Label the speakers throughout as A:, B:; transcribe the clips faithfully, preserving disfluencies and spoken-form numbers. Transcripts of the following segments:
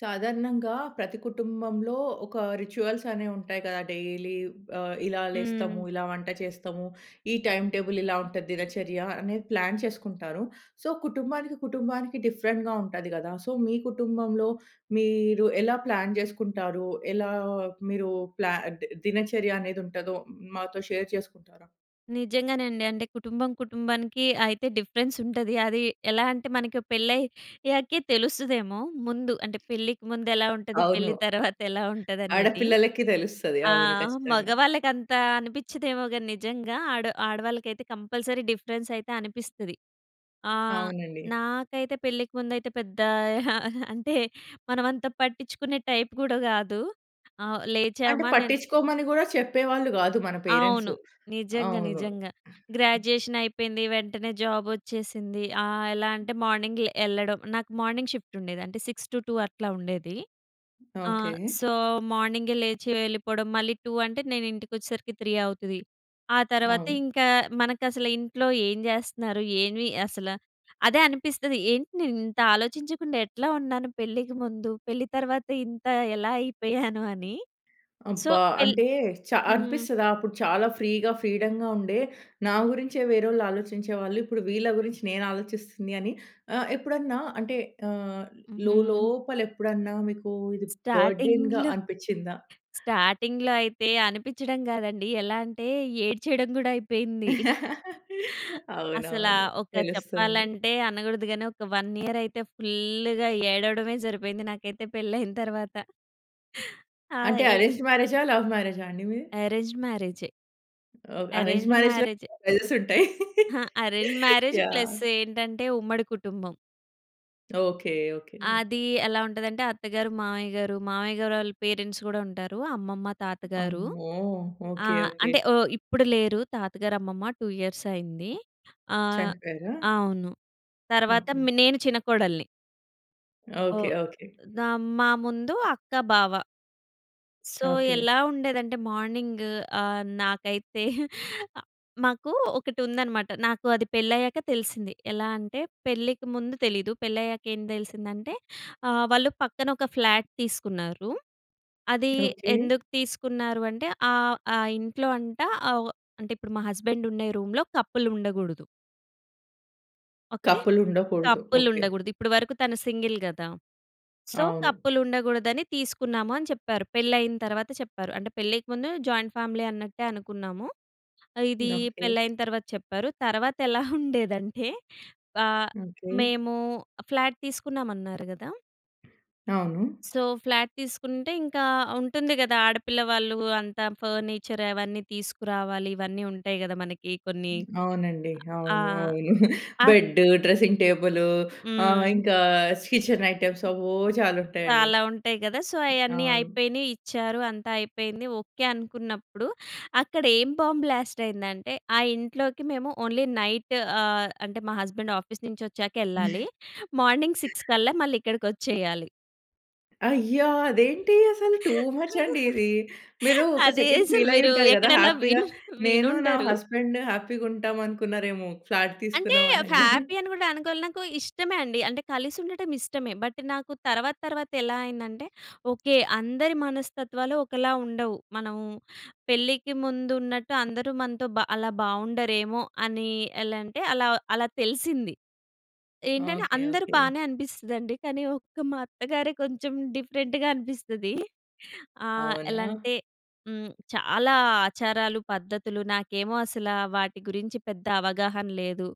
A: సాధారణంగా ప్రతి కుటుంబంలో ఒక రిచ్యువల్స్ అనేవి ఉంటాయి కదా! డైలీ, ఆహ్, ఇలా
B: హ్మ్.
A: లేస్తాము ఇలా వంట చేస్తాము. ఈ టైమ్ టేబుల్ ఇలా ఉంటది, దినచర్య అనేది ప్లాన్ చేసుకుంటారు. సో, కుటుంబానికి, కుటుంబానికి డిఫరెంట్‌గా ఉంటది కదా! సో, మీ కుటుంబంలో మీరు ఎలా ప్లాన్ చేసుకుంటారు? ఎలా మీరు ప్లా ది దినచర్య అనేది ఉంటదో మాతో షేర్ చేసుకుంటారా?
B: నిజంగానె అండి. అంటే కుటుంబం, కుటుంబానికి అయితే డిఫరెన్స్ ఉంటది. అది ఎలా అంటే మనకి పెళ్ళయ్యాకే తెలుస్తదేమో! ముందు అంటే పెళ్ళికి ముందెలా ఉంటది,
A: అవును.
B: పెళ్ళి తర్వాతెలా ఉంటదనేది.
A: ఆడపిల్లలకి తెలుస్తది.
B: ఆ!
A: అవును. ఖచ్చితంగా.
B: మగవాళ్ళకి అంత అనిపించదేమో గాని నిజంగా ఆడ ఆడవాళ్ళకైతే కంపల్సరీ డిఫరెన్స్ అయితే అనిపిస్తది. ఆ!
A: అవునండి.
B: నాకైతే పెళ్ళికి ముందైతే పెద్ద ఆహ్, అంటే మనమంతా పట్టించుకునే టైప్ కూడా కాదు. ఆ!
A: అంటే
B: లేచామా నేను
A: పట్టించుకోమని కూడా చెప్పేవాళ్ళు కాదు మన పేరెంట్స్.
B: అవును. నిజంగా.
A: అవును.
B: నిజంగా. గ్రాడ్యుయేషన్ అయిపోయింది, వెంటనే జాబ్ వచ్చేసింది. ఆహ్, ఎలా అంటే మార్నింగ్ లే ఎళ్ళడం, నాకు మార్నింగ్ షిఫ్ట్ ఉండేది, అంటే సిక్స్ టు టూ అట్లా ఉండేది. ఆ!
A: ఓకే.
B: సో మార్నింగే లేచి వెళ్ళిపోవడం, మళ్ళీ టూ అంటే నేను ఇంటికి వచ్చేసరికి త్రీ అవుతది. ఆ తర్వాత
A: అవును.
B: ఇంకా మనకసలు ఇంట్లో ఏం చేస్తున్నారు ఏమి అసల అదే అనిపిస్తది ఏంటి నేను ఇంత ఆలోచించకుండా ఎట్లా ఉన్నాను పెళ్ళికి ముందు! పెళ్ళి తర్వాత ఇంత ఎలా అయిపోయాను అని. సో
A: అబ్బా!
B: పెళ్
A: అంటే చ
B: హ్మ్.
A: అనిపిస్తదా? అప్పుడు చాలా ఫ్రీగా, ఫ్రీడమ్‌గా ఉండే నా గురించే వేరోళ్లు ఆలోచించేవాళ్ళు, ఇప్పుడు వీళ్ళ గురించి నేను ఆలోచిస్తుంది అని. ఆహ్, ఎప్పుడన్నా అంటే ఆహ్,
B: హుహు.
A: లోలోపల ఎప్పుడన్నా మీకు ఇది బర్డెన్‌గా
B: స్టార్టింగ్‌లో
A: అనిపిచిందా?
B: స్టార్టింగ్‌లో అయితే అనిపించడం కాదండి, ఎలా అంటే ఏడ్చేయడం కూడా అయిపోయింది. అసలా
A: అవునవును.
B: ఒక
A: తెలుస్తుంది.
B: చెప్పాలంటే అనకూడదు గాని ఒక వన్ ఇయర్ అయితే ఫుల్‌గా ఏడవడమే సరిపోయింది నాకైతే పెళ్ళయిన తర్వాత. ఆ!
A: అంటే
B: ఎల్
A: అరేంజ్డ్ మ్యారేజా, లవ్ మ్యారేజా అండి మీది?
B: అరేంజ్డ్ మ్యారేజే.
A: ఓహ్! అరేంజ్డ్
B: అరేంజ్డ్
A: మ్యారేజ్‌లోనే
B: మ్యారేజే.
A: [unintelligible] ఉంటాయి.
B: ఆ! Arranged marriage
A: yeah!
B: ప్లస్ ఏంటంటే ఉమ్మడి కుటుంబం.
A: ఓకే. ఓకే.
B: అదీ ఎలా ఉంటదంటే, అత్తగారు, మావయ్యగారు. మావయ్య గారోళ్ళ పేరెంట్స్ గూడా ఉంటారు అమ్మమ్మ, తాతగారు.
A: అమ్మో!
B: ఆ!
A: ఓకే. ఓకే.
B: అంటే ఆహ్, ఇప్పుడు లేరు తాతగారు, అమ్మమ్మ. టూ ఇయర్స్ అయింది. ఆహ్,
A: చనిపోయారా?
B: అవును. తర్వాత
A: ఓకే.
B: మ్ నేను చిన్న కోడలిని.
A: ఓకే.
B: ఓహ్!
A: ఓకే.
B: నా మా ముందు అక్క, బావ. So,
A: okay.
B: ఎలా ఉండేదంటే మార్నింగ్ ఆహ్, నాకైతే అ మాకూ ఒకటుందనమాట. నాకు అది పెళ్ళయ్యాక తెలిసింది. ఎలా అంటే పెళ్ళికి ముందు తెలీదు. పెళ్ళయ్యాక ఏం తెలిసిందంటే, ఆహ్, వాళ్ళు పక్కన ఒక ఫ్లాట్ తీసుకున్నారు. అది
A: ఓకే.
B: ఎందుకు తీసుకున్నారు అంటే, ఆహ్, ఆ ఇంట్లో అంట అవ్ అంటే ఇప్పుడు మా హస్బెండ్ ఉండే రూమ్‍లో కపుల్ ఉండగూడదు. ఓకే.
A: కపుల్ ఉండకూడదు.
B: Couple
A: okay.
B: ఉండగూడదు. ఇప్పుడు వరకు తను సింగిల్ గదా! సో,
A: అవును.
B: కపుల్ ఉండగూడదని తీసుకున్నాము అని చెప్పారు. పెళ్ళయిన తర్వాత చెప్పారు. అంటే పెళ్ళికి ముందు జాయింట్ ఫ్యామిలీ అన్నట్టే అనుకున్నాము. ఇదీ
A: ఓకే.
B: పెళ్ళయిన తర్వాత చెప్పారు. తర్వాతెలా ఉండేదంటే ఆహ్,
A: ఓకే.
B: మేము ఫ్లాట్ తీసుకున్నాం అన్నారు గదా!
A: అవును.
B: సో ఫ్లాట్ తీసుకుంటే ఇంకా ఉంటుంది గదా ఆడపిల్ల వాళ్ళు అంతా ఫర్నిచర్ అవన్నీ తీసుకురావాలి. ఇవన్నీ ఉంటాయి గదా మనకి కొన్ని.
A: అవునండి.
B: ఆ!
A: అవును. అవును.
B: అహ్
A: బెడ్డు, డ్రెసింగ్ టేబులు, ఆహ్,
B: హ్మ్.
A: ఇంకా కిచెన్ ఐటమ్స్ అవ్వో చాలా ఉంటాయండి.
B: చాలా ఉంటాయి గదా సో అయన్నీ
A: అవును.
B: అయిపోయినియి, ఇచ్చారు. అంతా అయిపోయింది ఓకే అనుకున్నప్పుడు, అక్కడేం బాంబ్ బ్లాస్ట్ అయిందంటే ఆ ఇంట్లోకి మేము ఓన్లీ నైట్ ఆహ్, అంటే మా హస్బెండ్ ఆఫీస్ నుంచొచ్చాకెళ్ళాలి. మార్నింగ్ సిక్స్ కల్లా మళ్ళీ ఇక్కడికొచ్చేయాలి.
A: అయ్య! అదేంటి అసలు? టూ మచ్ అండి ఇది. మీరు ఒక
B: అదే
A: సెకండ్
B: అసలు
A: ఫీలయ్యి
B: మీరు
A: ఉంటారు గదా!
B: ఎక్కడైనా
A: హ్యాపీగ.
B: విను
A: నేను నా
B: వినుండరు.
A: హస్బెండ్ హ్యాపీగా ఉంటామనుకున్నారేమో ఫ్లాట్
B: అంటే,
A: తీసుకున్నాం అనంగానే.
B: హ్యాపీ అని గూడా అనుకోవాలి నాకు ఇష్టమే అండి. అంటే, కలిసి ఉండటం ఇష్టమే. బట్ నాకు తర్వాత తర్వాత ఎలా అయిందంటే ఓకే. అందరి మనస్తత్వాలు ఒకలా ఉండవు. మనం పెళ్ళికి ముందున్నట్టు అందరూ మనతో బ అలా బావుండరేమో అని, ఎలా అంటే అలా అలా తెలిసింది. ఏంటంటే
A: ఓకే.
B: అందరూ
A: ఓకే.
B: బానే అనిపిస్తదండి. కానీ ఒక్క మా అత్తగారే కొంచెం డిఫరెంట్‌గా అనిపిస్తది. ఆహ్, ఎలా
A: అవునా?
B: అంటే హ్మ్. చాలా ఆచారాలు పద్ధతులు నాకేమో అసల వాటి గురించి పెద్ద అవగాహన లేదు.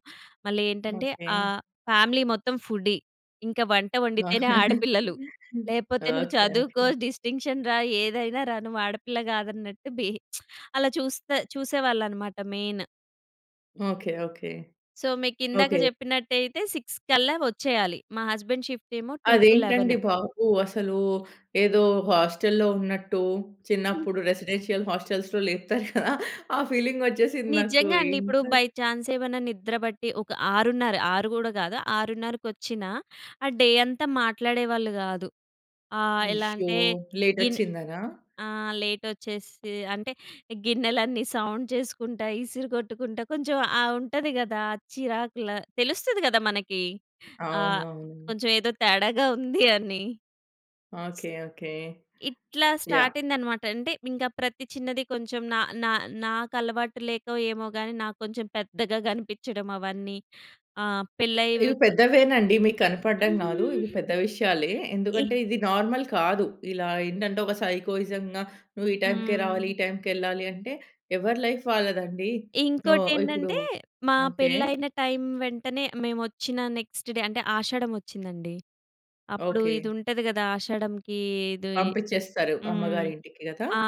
B: మళ్ళేంటంటే
A: ఓకే.
B: ఆహ్, ఫ్యామిలీ మొత్తం ఫుడీ. ఇంకా వంట వండితేనే ఆడపిల్లలు. లేకపోతే నువ్వు
A: ఓకే.
B: చదువుకో,
A: ఓకే.
B: డిస్టింక్షన్ రా ఏదైనా రా నువ్వు ఆడపిల్ల గాదన్నట్టు బి అలా చూస్తా చూసేవాళ్ళనమాట మెయిన్.
A: ఓకే. ఓకే.
B: సో, మీకిందాక
A: ఓకే.
B: చెప్పినట్టయితే సిక్స్ కల్లా వచ్చేయాలి. మా husband shift two to eleven.
A: అదేంటండి బాబు! అసలు ఏదో హాస్టలులో ఉన్నట్టు. చిన్నప్పుడు రెసిడెన్షియల్ హాస్టల్స్‌లో లేపుతారు గదా! ఆ ఫీలింగొచ్చేసింది నాకు.
B: నిజంగా అండి. ఇప్పుడు
A: ఇంత
B: బై ఛాన్స్ ఏమన్నా నిద్రపట్టి ఒక ఆరున్నర. ఆరు గూడా కాదు. ఆరున్నరకొచ్చినా! ఆ డే అంతా మాట్లాడేవాళ్ళు గాదు. ఆహ్, ఎలా
A: అయ్యో!
B: అంటే గిన్
A: లేటొచ్చిందనా!
B: ఆహ్, లేటొచ్చేసి అంటే గిన్నెలన్నీ సౌండ్ చేసుకుంటా, ఇసిరిగొట్టుకుంటా, కొంచెం ఆ ఉంటది గదా! చిరాకుల తెలుస్తది గదా! మనకి ఆహ్!
A: అవునవును.
B: కొంచెం ఏదో తేడాగా ఉంది అని.
A: ఓకే. ఓకే.
B: ఇట్లా
A: యాహ్!
B: స్టార్ట్ అయిందన్నమాట. అంటే ఇంకా ప్రతి చిన్నది కొంచెం నా నా నాకలవాటు లేకో ఏమోగాని! నాకు కొంచెం పెద్దగా కనిపించడం అవన్నీ. ఆహ్, పెళ్ళై వ్
A: ఇవి
B: అ
A: పెద్దవేనండి. మీకు కనపడ్డంగాదు. ఇవి పెద్ద విషయాలే.
B: ఈ
A: ఎందుకంటే, ఇది నార్మల్ కాదు. ఇలా ఏంటంటే, ఒక సైకోయిజం‌గా, నువ్వు ఈ టైంకే రావాలి.
B: హ్మ్.
A: ఈ టైంకెళ్లాలి అంటే, ఎవరి లైఫ్ వాళ్ళదండి. ఓహ్! ఇప్పుడు
B: ఇంకోటేంటంటే మా
A: ఓకే.
B: పెళ్ళైన టైం వెంటనే మేమొచ్చిన నెక్స్ట్ డే అంటే ఆషాఢం వచ్చిందండి. అప్పుడు
A: ఓకే.
B: ఇది ఉంటది కదా! ఆషాఢంకి ఇది
A: పంపించేస్తారు.
B: హ్మ్.
A: అమ్మగారింటికి గదా!
B: ఆ!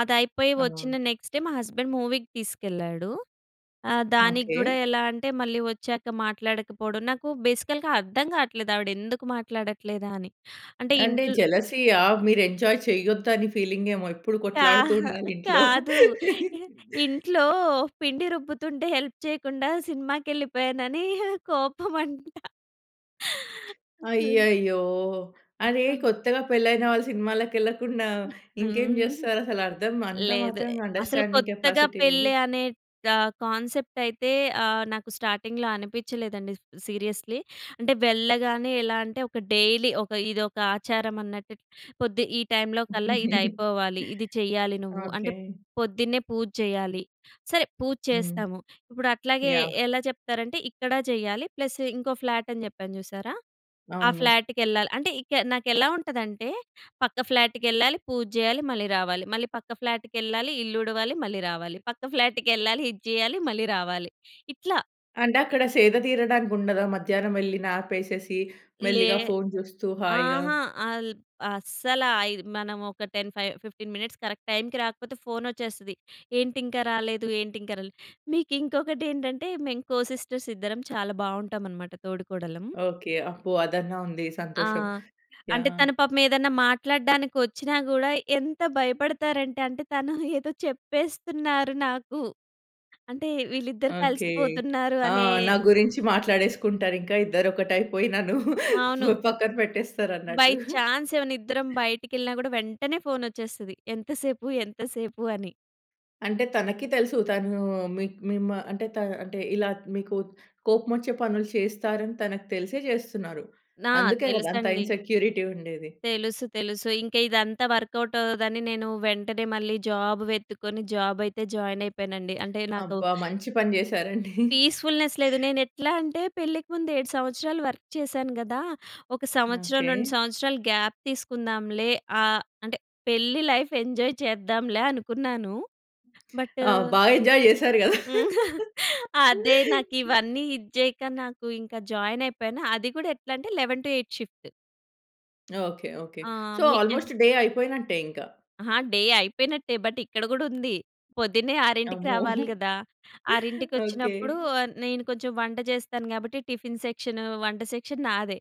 B: అదయిపోయి
A: ఆ!
B: వచ్చిన నెక్స్ట్ డే మా హస్బెండ్ మూవీకి తీసుకెళ్ళాడు. ఆహ్, దానికి
A: ఓకే.
B: కూడా ఎలా అంటే మళ్ళీ వచ్చాక మాట్లాడకపోవడం. నాకు బేసికల్‌గా అర్థం కావట్లేదు. ఆవిడెందుకు మాట్లాడట్లేదా అని. అంటే
A: అంటే
B: ఇంట్లో
A: జెలసీయా! మీరు ఎంజాయ్ చెయ్యొద్దు. అని ఫీలింగేమో! ఎప్పుడు
B: కా
A: కొట్లాడుతూ ఉండాలి ఇంట్లో.
B: కాదు. ఇంట్లో పిండి రుబ్బుతుంటే హెల్ప్ చేయకుండా సినిమాకెళ్ళిపోయానని కోపం అంటా.
A: అయ్యయ్యో! అరే!
B: సో
A: కొత్తగా పెళ్లి అయిన వాళ్ళు సినిమాలకెళ్ళకుండా
B: హ్మ్,
A: ఇంకేం
B: హ్మ్.
A: చేస్తారఅసలు అర్థం అంత
B: లేదు.
A: మాత్రం
B: అసలు
A: అండర్‌స్టాన్‌డింగ్
B: కొత్తగా
A: కెపాసిటీ లేదు.
B: పెళ్ళి అనే కా కాన్సెప్ట్ అయితే ఆహ్, నాకు స్టార్టింగ్‌లో అనిపిచలేదండి. సీరియస్‌లీ. అంటే వెళ్ళగానే ఎలా అంటే ఒక డైలీ ఒక ఇదొక ఆచారం అన్నట్టు పొద్ది ఈ టైంలోకల్లా ఇది అయిపోవాలి ఇది చేయాలి నువ్వు. అంటే
A: ఓకే.
B: పొద్దున్నే పూజ చేయాలి. సరే పూజ
A: హ్మ్.
B: చేస్తాము. ఇప్పుడట్లాగే
A: యాహ్!
B: ఎలా చెప్తారంటే ఇక్కడ చేయాలి, ప్లస్ ఇంకో ఫ్లాటని చెప్పాను చూసారా! ఆ
A: అవును.
B: ఫ్లాట్‌కెళ్ళాలి. అంటే ఇక నాకెలా ఉంటదంటే పక్క ఫ్లాట్‌కెళ్ళాలి, పూజ చేయాలి, మళ్ళీ రావాలి. మళ్ళీ పక్క ఫ్లాట్‌కెళ్ళాలి, ఇల్లు ఉడవాలి, మళ్ళీ రావాలి, పక్క ఫ్లాట్‌కెళ్ళాలి ఇది చేయాలి, మళ్ళీ రావాలి. ఇట్లా.
A: అంటే అక్కడ సేద తీరడానికి ఉండదా? మధ్యాహ్నం వెళ్ళి న్యాపేసేసి
B: లే.
A: మెల్లిగా ఫోను చూస్తూ హాయిగా?
B: అహా! అల్ అస్సల. అయి మనం ఒక ten five fifteen minutes correct టైంకి రాకపోతే ఫోనొచ్చేస్తది. "ఏంటింక రాలేదు, ఏంటి ఇంక రాలేదు". మీకు ఇంకొకటి ఏంటంటే మేము కో సిస్టర్స్ ఇద్దరం చాలా బావుంటావనమాట తోడికోడళ్ళం.
A: ఓకే. అబ్బో! అదన్నా ఉంది
B: ఆ!
A: సంతోషం.
B: అంటే
A: యాహ్!
B: తను పాపం ఏదన్నా మాట్లాడడానికి ఒచ్చినా కూడా ఎంత భయపడతారంటే అంటే తను ఏదో చెప్పేస్తున్నారు నాకు. అంటే వీళ్ళిద్దరూ
A: ఓకే.
B: కలిసిపోతున్నారు
A: ఆ!
B: అనే
A: నా గురించి మాట్లాడేసుకుంటారు ఇంకా. ఇద్దరొకటయిపోయి నన్ను
B: అవును.
A: ప పక్కన
B: బై
A: పెట్టేస్తారన్నట్టు.
B: చాన్స్ ఏమన్న ఇద్దరం బయటికెళ్ళినా కూడా వెంటనే ఫోనొచ్చేస్తది. "ఎంతసేపు, ఎంతసేపు?" అని.
A: అంటే తనకి తెలుసు. తను మీకు మీమ్ అంటే త అంటే ఇలా మీకు కోపమొచ్చే పనులు చేస్తారని తనకి తెలిసే చేస్తున్నారు.
B: నా
A: అందుకే గదా! అంత
B: తెలుసండి.
A: ఇన్సెక్యూరిటీ ఉండేది.
B: తెలుసు, తెలుసు. ఇంక ఇదంతా వర్క్‌అవుట్ అవ్వదని నేను వెంటనే మళ్ళీ జాబ్ వెతుక్కొని జాబ్ అయితే జాయిన్ అయిపోయానండి. అంటే నాకు
A: అబ్బా! మంచి పని చేసారండి.
B: పీస్‌ఫుల్‌నెస్ లేదు. నేనెట్లా అంటే పెళ్ళికి ముందు ఏడు సంవత్సరాలు వర్క్ చేశాను గదా! ఒక సంవత్సరం,
A: ఓకే.
B: రెండు సంవత్సరాలు గ్యాప్ తీసుకుందాంలే. ఆహ్, అంటే పెళ్లి లైఫ్ ఎంజాయ్ చేద్దాంలే అనుకున్నాను. బట్టు
A: ఆ! బాగా ఎంజాయ్ చేసారు కదా!
B: హ్మ్. అదే. నాకివన్నీ ఇది చేయక నాకు ఇంక జాయిన్ అయిపోయాను. అది కూడా ఎట్లంటే eleven to eight shift.
A: Okay. Okay.
B: ఆ!
A: సో
B: మీ కెన్
A: ఆల్మోస్ట్ డే అయిపోయినట్టే ఇంకా.
B: ఆ! డే అయిపోయినట్టే. బటిక్కడ కూడా ఉంది. పొద్దున్నే ఆరింటికి
A: అమ్మో!
B: రావాలి గదా!
A: ఓకే.
B: ఆరింటికొచ్చినప్పుడు ఆహ్, నేను కొంచెం వంట చేస్తాను, కాబట్టి టిఫిన్ సెక్షను, వంట సెక్షన్ నాదే.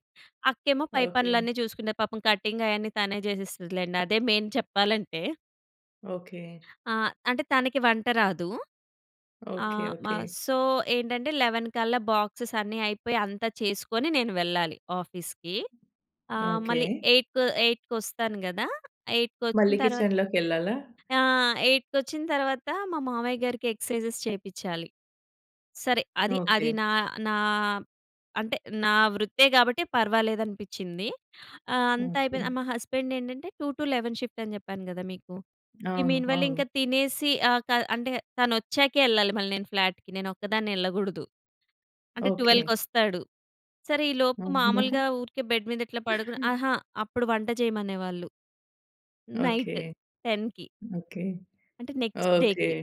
B: అక్కేమో పై
A: ఓకే.
B: పనులన్నీ చూసుకుండే. పాపం కటింగయన్నీ తనే చేసేస్తదిలెండి. అదే మెయిన్ చెప్పాలంటే.
A: ఓకే.
B: ఆ! అంటే, తనకి వంట రాదు. ఆ!
A: ఓకే.
B: మ
A: ఓకే.
B: సో ఏంటంటే, లెవెన్ కల్లా బాక్సెస్ అన్నీ అయిపోయి అంతా చేసుకొని నేను వెళ్ళాలి ఆఫీస్‌కి. ఆ!
A: ఓకే.
B: మళ్ళీ ఎయిట్‌కొ ఎయిట్‌కొస్తాను గదా! ఎయిట్‍కొచ్చిన
A: మళ్ళీ
B: తర్వాత
A: కిచెన్లోకెళ్ళాలా?
B: ఆ! ఎయిట్‍కొచ్చిన తర్వాత మా మావయ్యగారికి ఎక్సర్‌సైజెస్ చేపిచ్చాలి. సరే, అది అది
A: ఓకే.
B: నా నా అంటే, నా వృత్తే కాబట్టి పర్వాలేదనిపించింది. ఆ! అంతా అయిపోయి
A: ఓకే.
B: ఆహ్, మా హస్బెండేంటంటే, టూ టు లెవెన్ షిఫ్ట్ అని చెప్పాను గదా మీకు. ఈ
A: అవును.
B: మీన్ వైల్
A: అవును.
B: ఇంకా తినేసి ఆహ్, క అంటే తనొచ్చాకే ఎళ్ళాలి మళ్ళీ నేను ఫ్లాట్‌కి. నేను ఒక్కదాన్నే ఎళ్ళకూడదు. అంటే
A: ఓకే.
B: ట్వెల్వ్‌కొస్తాడు. సరే, ఈ లోపు
A: అమ్మో!
B: మామూలుగా ఊరికే బెడ్ మీద ఇట్లా పడుకొని అహా! అప్పుడు వంట చేయమనేవాళ్ళు.
A: ఓకే.
B: నైట్ టెన్‌కి.
A: ఓకే.
B: అంటే, నెక్స్ట్
A: ఓకే.
B: డేకి.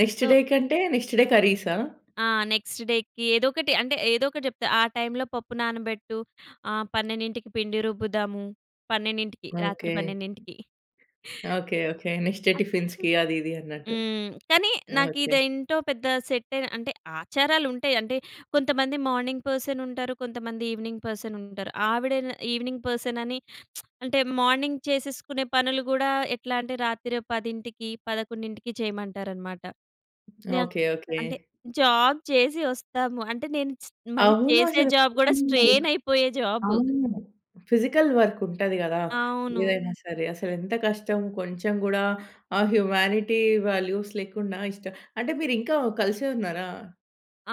A: నెక్స్ట్
B: సో
A: డే కంటే? నెక్స్ట్ డే కర్రీసా?
B: ఆ! నెక్స్ట్ డేకి ఏదోకటి, అంటే ఏదో ఒకటి చెప్తే ఆ టైంలో పప్పు నానబెట్టు. ఆ! పన్నెండింటికి పిండి రుబ్బుదాము. పన్నెండింటికి రాత్రి
A: ఓకే.
B: పన్నెండింటికి.
A: ఓకే. ఓకే. నెక్స్ట్ డే
B: ఆ!
A: టీఫ్ఫిన్స్‌కి
B: హ్మ్.
A: అది, ఇది అన్నట్టు.
B: హ్మ్. కానీ నాకు
A: ఓకే.
B: ఇది ఏంటో పెద్ద సెట్టయి అంటే ఆచారాలుంటాయి. అంటే కొంతమంది మార్నింగ్ పర్సనుంటారు. కొంతమంది ఈవినింగ్ పర్సనుంటారు. ఆవిడే న ఈవినింగ్ పర్సనని అంటే, మార్నింగ్ చేసేసుకునే పనులు కూడా ఎట్లా అంటే, రాత్రి పదింటికి పదకొండింటికి చేయమంటారనమాట. న
A: ఓకే. ఓకే.
B: అంటే జాబ్ చేసి వస్తాము. అంటే నేను స్ మళ్ళీ
A: అవును
B: చేసే
A: అసలు
B: జాబ్ కూడా
A: [unintelligible]
B: స్ట్రెయినయిపోయే జాబు.
A: అవును. ఫిజికల్ వర్క్ ఉంటది కదా!
B: అవును.
A: ఏదైనా సరే. అసలెంత కష్టం కొంచెం కూడా, ఆ హ్యుమానిటి వాల్యూస్ లేకుండా ఇష్టం అంటే మీరు ఇంకా కలిసే ఉన్నారా?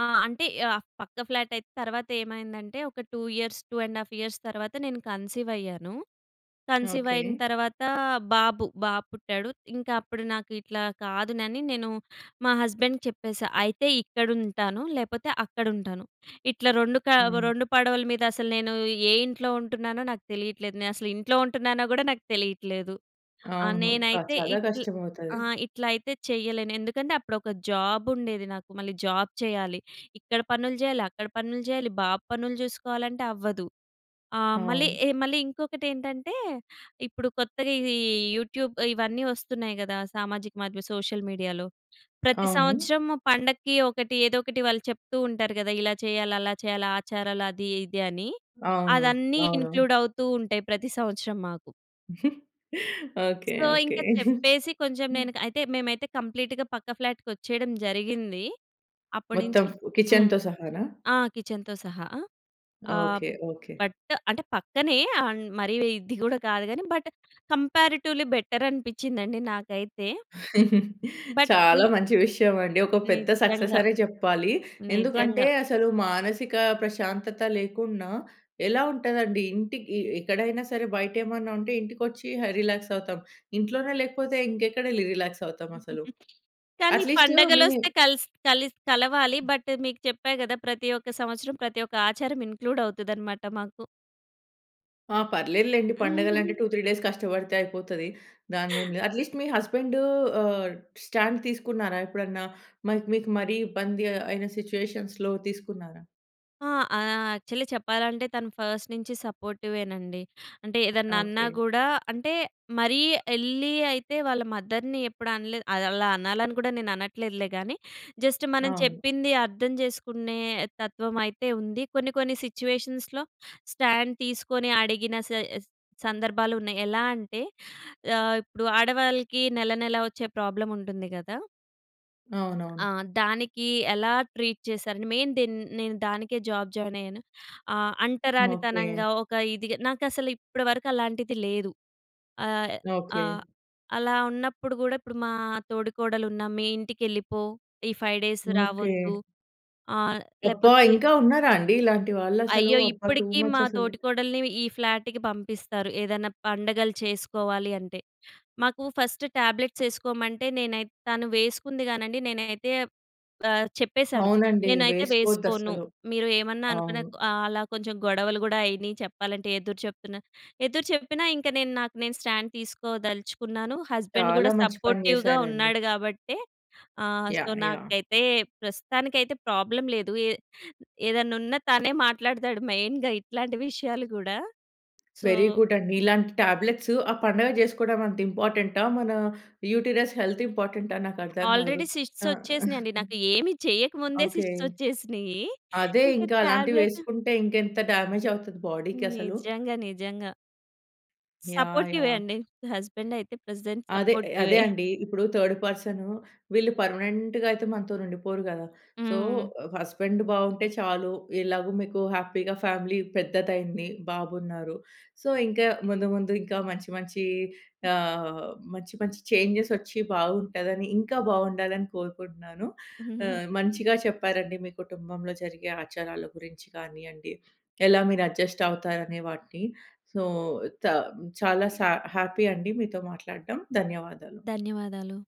B: ఆ! అంటే, యాఫ్ పక్క ఫ్లాటైతే తర్వాతేమైందంటే, ఒక two years, two and half years తర్వాత, నేను కన్సీవయ్యాను. కన్సీవయిన
A: ఓకే.
B: తర్వాతా బాబు, బాబు పుట్టాడు. ఇంక అప్పుడు నాకు ఇట్లా కాదునని నేను మా హస్బెండ్‌కి చెప్పేశా, "అయితే ఇక్కడుంటాను, లేపోతే అక్కడుంటాను. ఇట్లా రొండు కా
A: అవును.
B: రొండు పడవల మీదసలు నేనూ ఏ ఇంట్లో ఉంటున్నానో నాకు తెలీట్లేదు. నే అసలు ఇంట్లో ఉంటున్నానో గూడా నాకు తెలీట్లేదు." ఆహ్,
A: అవును. క
B: నేనైతే
A: చాలా
B: ఇట్ల్
A: కష్టమవుతది.
B: ఆహ్, ఇట్లయితే చెయ్యలేను. ఎందుకంటే, అప్పుడొక జాబుండేది నాకు, మళ్ళీ జాబ్ చెయ్యాలి. ఇక్కడ పనులు జెయ్యాలి, అక్కడ పనులు జెయ్యాలి, బాబు పనులు చూసుకోవాలంటే అవ్వదు. ఆ! మళ్ళీ
A: అవును.
B: ఎ మళ్ళీ ఇంకొకటేంటంటే, ఇప్పుడు కొత్తగా ఇదీ యూట్యూబ్ ఇవన్నీ ఒస్తున్నాయి గదా! సామాజిక మాద్యం సోషల్ మీడియాలో. ప్రతి
A: అవును.
B: సంవత్సరము పండక్కి ఒకటి, ఏదోకటి వాళ్ళు చెప్తూ ఉంటారు గదా! ఇలా చెయ్యాలి, అలా చెయ్యాలి, ఆచారాలు అది ఇది అని.
A: అవును.
B: అదన్నీ
A: అవును.
B: ఇంక్లూడవుతూ ఉంటాయి ప్రతి సంవత్సరం మాకు.
A: ఓకే.
B: So,
A: okay.
B: ఇంక చెప్పేసి కొంచెం నేను క అయితే, మేమైతే కంప్లీట్‌గా పక్క ఫ్లాట్‌కొచ్చేయడం జరిగిందీ. అప్పుడు
A: మొత్తం
B: నించీ హ్మ్.
A: కిచెన్‌తో సహానా?
B: ఆ! కిచెన్‌తో సహా. ఆహ్,
A: ఓకే. ఓకే.
B: బట్టు అంటే పక్కనే, అండ్ మరీ వ్ ఇది గూడా కాదు గానీ, బట్ కంపేరిటివ్లీ బెటరనిపిచ్చిందండి నాకైతే. బట్ ఈ
A: చాలా మంచి విషయవండి. ఒక పెద్ద
B: నిజ్జంగా.
A: సక్ససనే చెప్పాలి. ఎందుకంటే,
B: నిజంగా.
A: అసలు మానసికా ప్రశాంతత లేకున్నా ఎలా ఉంటదండి, ఇంటికీ ఎక్కడైనా సరే బయటేమన్నా ఉంటే ఇంటికొచ్చీ హ రిలాక్సవుతాం. ఇంట్లోనే లేకపోతే ఇంకెక్కడెళ్ళి రిలాక్సవుతామసలు.
B: కానీ,
A: అట్లీస్టు మీ
B: పండగలొస్తే కల్స్ కలిస్ కలవాలి, బట్టు మీకు చెప్పా గదా! ప్రతి ఒక్క సంవత్సరం, ప్రతి ఒక్క ఆచారం ఇంక్లూడవుతదనమాట మాకు.
A: ఆ! పర్లేదులేండి. పండగలంటే టూ త్రీ డేస్ కష్టపడితే అయిపోతది. దానిదేమిలే. అట్లీస్ట్ మీ హస్బెండూ ఆహ్, స్టాండ్ తీసుకున్నారా ఎప్పుడన్నా? మైక్ మీకు మరీ ఇబ్బంది అయిన సిచ్యువేషన్స్‌లో తీసుకున్నారా?
B: ఆ! ఆహ్, యాక్చల్లీ చెప్పాలంటే, తను ఫస్ట్ నించి సపోర్టివేనండి. అంటే, ఏదన్నన్నా
A: ఓకే.
B: గూడా, అంటే, మరీ యెళ్ళీ అయితే వాళ్ళ మదర్‍ని ఎప్పుడు అనలేదు. అదలా అనాలని గూడా నేననట్లేదులే గానీ, జస్ట్ మనం
A: అవును.
B: చెప్పింది అర్థం జేసుకునే తత్వమయితే ఉంది. కొన్ని, కొన్ని సిచ్యువేషన్స్‌లో స్టాండ్ తీసుకొని అడిగిన సేస్ సందర్భాలున్నాయి. ఎలా అంటే, ఆహ్, ఇప్పుడూ ఆడవాళ్ళకీ నెలనెలా ఒచ్చే ప్రాబ్లముంటుంది గదా! ఆ!
A: అవునవును.
B: దానికీ ఎలా ట్రీట్ చేశారని మెయిన్ దెన్ నేను దానికే జాబ్ జాయినయ్యాను. ఆహ్,
A: ఓకే.
B: అంటరానితనంగా, ఒక ఇదిగ, నాకసలు ఇప్పడ వరకు అలాంటిది లేదు. ఆహ్, ఆహ్,
A: ఓకే.
B: అలా ఉన్నప్పుడు గూడా ఇప్పుడు మా తోడికోడలున్నా మీ ఇంటికెళ్ళిపో, ఈ ఫైవ్ డేస్
A: ఓకే.
B: రావొద్దు, ఆహ్,
A: అబ్బా!
B: లేపోతే
A: ఇంకా ఉన్నారా అండి. ఇలాంటి వాళ్ళసలూ?
B: అయ్యో!
A: అబ్బా!
B: ఇప్పడకీ మా
A: టూమచ్చసలు.
B: తోటికోడలిని ఈ ఫ్లాటుకి పంపిస్తారు, ఏదన్నా పండగలు చేసుకోవాలి అంటే. మాకూ ఫస్ట్ టాబ్లెట్సేసుకోమంటే, నేనైత్ తను వేసుకుంది గానండి, నేనైతే ఆహ్, చెప్పేశాను.
A: అవునండి.
B: నేనైతే వేసుకోను.
A: వేసుకోద్దసలు.
B: మీరు ఏమన్నా అనుకున్న.
A: అవును.
B: ఆహ్, అలా కొంచెం గొడవలు గూడా అయినియి చెప్పాలంటే, ఎదురుచెప్తున్నా. ఎదురుచెప్పినా ఇంక నేను, నాకు నేను స్టాండ్ తీసుకోదలుచుకున్నాను. హస్బెండ్
A: చాలా
B: గూడా
A: మంచి పని
B: సపోర్టివ్‌గా
A: జేశారండి.
B: ఉన్నాడు గాబట్టే. ఆహ్, సో,
A: యాహ్! యాహ్!
B: నాకైతే ప్రస్తుతానికైతే ప్రాబ్లమ్ లేదు. ఏ ఏదన్నున్నా తనే మాట్లాడతాడు మెయిన్‌గా ఇట్లాంటి విషయాలు గూడా. సో
A: వెరీ గుడ్డండి. ఇలాంటి టాబ్లెట్సు, ఆ పండగ జేసుకోడమంత ఇంపార్టెంటా? మనా యూటరస్ హెల్త్ ఇంపార్టెంటా? నాకర్థం గాదు.
B: ఆల్రెడీ సిస్ట్స్
A: ఆ!
B: ఒచ్చేసినియండి నాకు. ఏమి చెయ్యకముందే
A: ఓకే.
B: సిస్ట్స్ ఒచ్చేసినియ్యీ.
A: అదే
B: ఇంక
A: ఇంక
B: టాబ్లెటు
A: అలాంటివేసుకుంటే ఇంకెంత డామేజవుతది బాడీకసలు.
B: నిజంగా. నిజంగా.
A: యాహ్!
B: సపోర్టివే
A: యాహ్!
B: అండి. నా హస్బెండయితే ప్రెజెంట్
A: అదే. అదే
B: సపోర్టివే.
A: అండి. ఇప్పుడు థర్డ్ పర్సనూ, వీళ్ళు పర్మనెంట్‌గయితే మనతోనుండిపోరు గదా! సో,
B: హ్మ్.
A: ఆహ్, హస్బెండ్ బావుంటే చాలు. ఎలాగు మీకు హ్యాపీగా ఫ్యామిలీ పెద్దదయింది. బాబున్నారు. సో, ఇంకా ముందు ముందు, ఇంకా మంచి మంచీ
B: హుహు.
A: ఆహ్, మంచి మంచి చేంజెసొచ్చి బావుంటదని, ఇంకా బావుండాలని కోరుకుంటున్నాను. ఆహ్, మంచిగా చెప్పారండి మీ కుటుంబంలో జరిగే ఆచారాల గురించి కానియ్యండి, ఎలా మీరడ్జస్టవుతారనే వాటిని. సో, తమ్ చాలా సా హ్యాపీ అండి మీతో మాట్లాడడం. ధన్యవాదాలు.
B: ధన్యవాదాలు.